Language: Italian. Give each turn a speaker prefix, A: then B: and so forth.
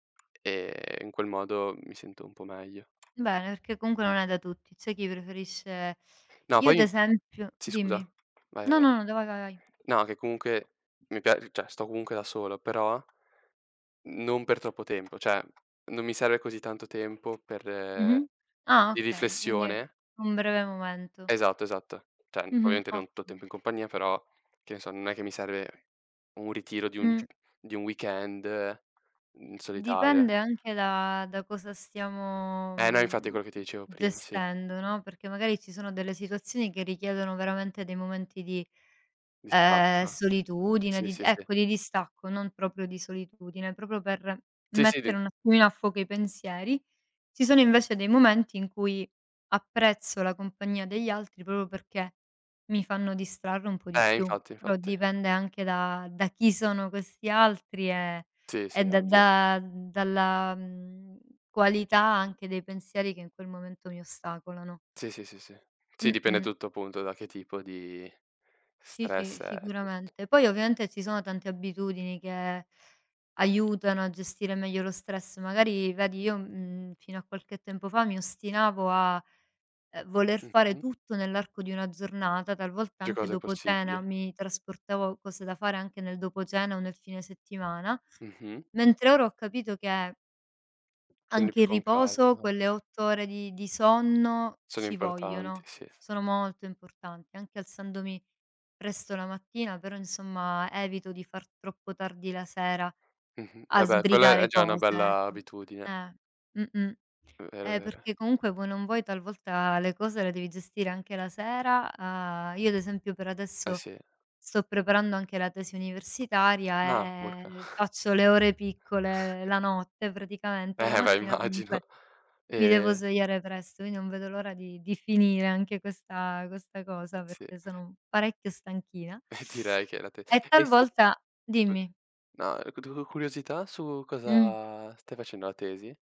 A: E in quel modo mi sento un po' meglio.
B: Bene, perché comunque non è da tutti. C'è chi preferisce
A: No,
B: io, ad
A: poi
B: esempio
A: sì, scusa.
B: dimmi.
A: Vai,
B: No,
A: vai.
B: no, no, da va, va, vai.
A: No, che comunque mi pia cioè, sto comunque da solo, però non per troppo tempo, cioè, non mi serve così tanto tempo per
B: Mh-mh. Ah,
A: di
B: okay, quindi è
A: riflessione.
B: un breve momento.
A: Esatto, esatto. Cioè n
B: Mh-mh.
A: ovviamente non tu
B: Ottimo.
A: tempo in compagnia, però che ne so, non è che mi serve un ritiro di 1 g
B: Mh.
A: di 1 weekend in
B: Mhmm,
A: solitaria.
B: dipende anche da da cosa stiamo,
A: Eh no, infatti è
B: mhmm,
A: quello che ti dicevo prima, sì.
B: gestendo, no, perché magari ci sono delle situazioni che richiedono veramente dei momenti di, ehm,
A: Distacco.
B: solitudine,
A: Sì,
B: di di
A: sì, sì.
B: ecco, di distacco, non proprio di solitudine, proprio per
A: Sì, sì, di
B: mettere un attimino a fuoco i pensieri. Ci sono invece dei momenti in cui apprezzo la compagnia degli altri proprio perché mi fanno distrarre un po' di
A: Eh.
B: più,
A: Infatti,
B: però
A: infatti.
B: dipende anche da da chi sono questi altri e
A: Sì,
B: e
A: sì,
B: da
A: ovvio.
B: da mhmm, dalla, mhmm, qualità anche dei pensieri che in quel momento mi ostacolano.
A: Sì, sì, sì, sì. Sì, dipende
B: Mh-mh.
A: tutto, appunto, da che tipo di
B: Sì,
A: stress
B: sì,
A: e [unintelligible]
B: sicuramente. Poi ovviamente ci sono tante abitudini che aiutano a gestire meglio lo stress. Magari vedi, io, mhmm, fino a qualche tempo fa mi ostinavo a, ehm, voler fare
A: Mh-mh.
B: tutto nell'arco di una giornata, talvolta
A: Più
B: anche
A: cose
B: dopo cena
A: possibili.
B: mi trasportavo cose da fare anche nel dopo cena o nel fine settimana;
A: Mh-mh.
B: mentre ora ho capito che
A: Quindi
B: anche
A: più
B: il
A: con
B: riposo,
A: calma.
B: quelle 8 ore di di sonno
A: Sono
B: ci
A: importanti,
B: vogliono,
A: sì.
B: sono molto importanti. Anche alzandomi presto la mattina, però insomma, evito di far troppo tardi la sera
A: Mh-mh. E
B: a
A: beh quella è
B: sbrigare
A: già una
B: cose,
A: bella
B: ecco.
A: abitudine.
B: Eh, mh-mh.
A: Mh, vero,
B: Eh,
A: vero.
B: perché comunque voi o non vuoi talvolta le cose le devi gestire anche la sera. Uhm, io ad esempio per
A: Eh,
B: adesso
A: sì.
B: sto preparando anche la tesi
A: Ah,
B: universitaria
A: urca.
B: e e faccio le ore piccole la notte, praticamente. La
A: Eh beh,
B: mattina
A: immagino.
B: comunque, mi devo
A: E
B: svegliare presto. Io non vedo l'ora di di finire anche questa questa cosa
A: Sì.
B: perché sono parecchio stanchina.
A: E direi che è la te
B: E
A: e stu
B: talvolta
A: scus
B: dimmi.
A: na e cu du curiosità su
B: Mh.
A: cosa stai facendo la tesi?